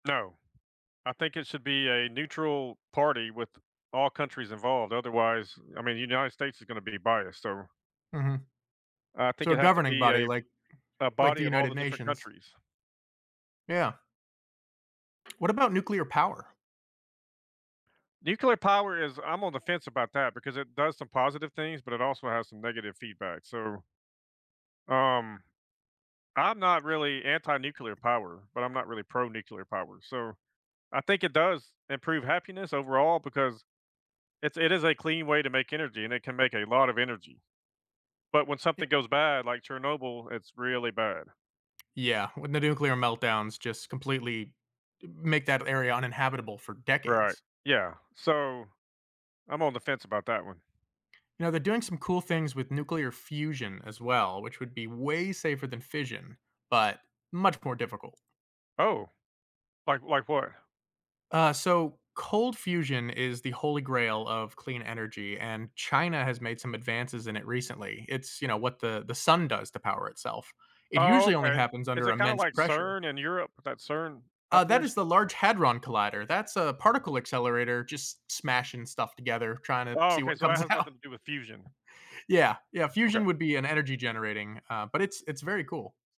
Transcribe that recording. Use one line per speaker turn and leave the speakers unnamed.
No. I think it should be a neutral party, with all countries involved, otherwise I mean, the United States is gonna be biased, so
Mhm.
I think
So, a
it has to
governing
be
body,
a
like
a
like
body
the
of all
United
the different
Nations.
countries.
Yeah. What about nuclear power?
Nuclear power is I'm on the fence about that because it does some positive things, but it also has some negative feedback, so um, I'm not really anti-nuclear power, but I'm not really pro-nuclear power, so I think it does improve happiness overall because It's it is a clean way to make energy, and it can make a lot of energy. But when
Ye
something goes bad, like Chernobyl, it's really bad.
Yeah, when the nuclear meltdowns just completely make that area uninhabitable for
Right.
decades.
Yeah. So, I'm on the fence about that one.
You know, they're doing some cool things with nuclear fusion as well, which would be way safer than fission, but much more difficult.
Oh, like like what?
Uh, so, cold fusion is the holy grail of clean energy, and China has made some advances in it recently. It's, you know, what the the sun does to power itself. It
Oh,
usually only
okay.
happens
Is
under
it kinda
immense
like
pressure.
CERN in Europe that CERN
Uh, that is
operation?
the Large Hadron Collider. That's a particle accelerator just smashing stuff together, tryna
Oh,
see
okay,
what
so that
comes
has
out.
nothing to do with fusion.
Yeah, yeah,
Okay.
fusion would be an energy generating, uh, but it's it's very cool.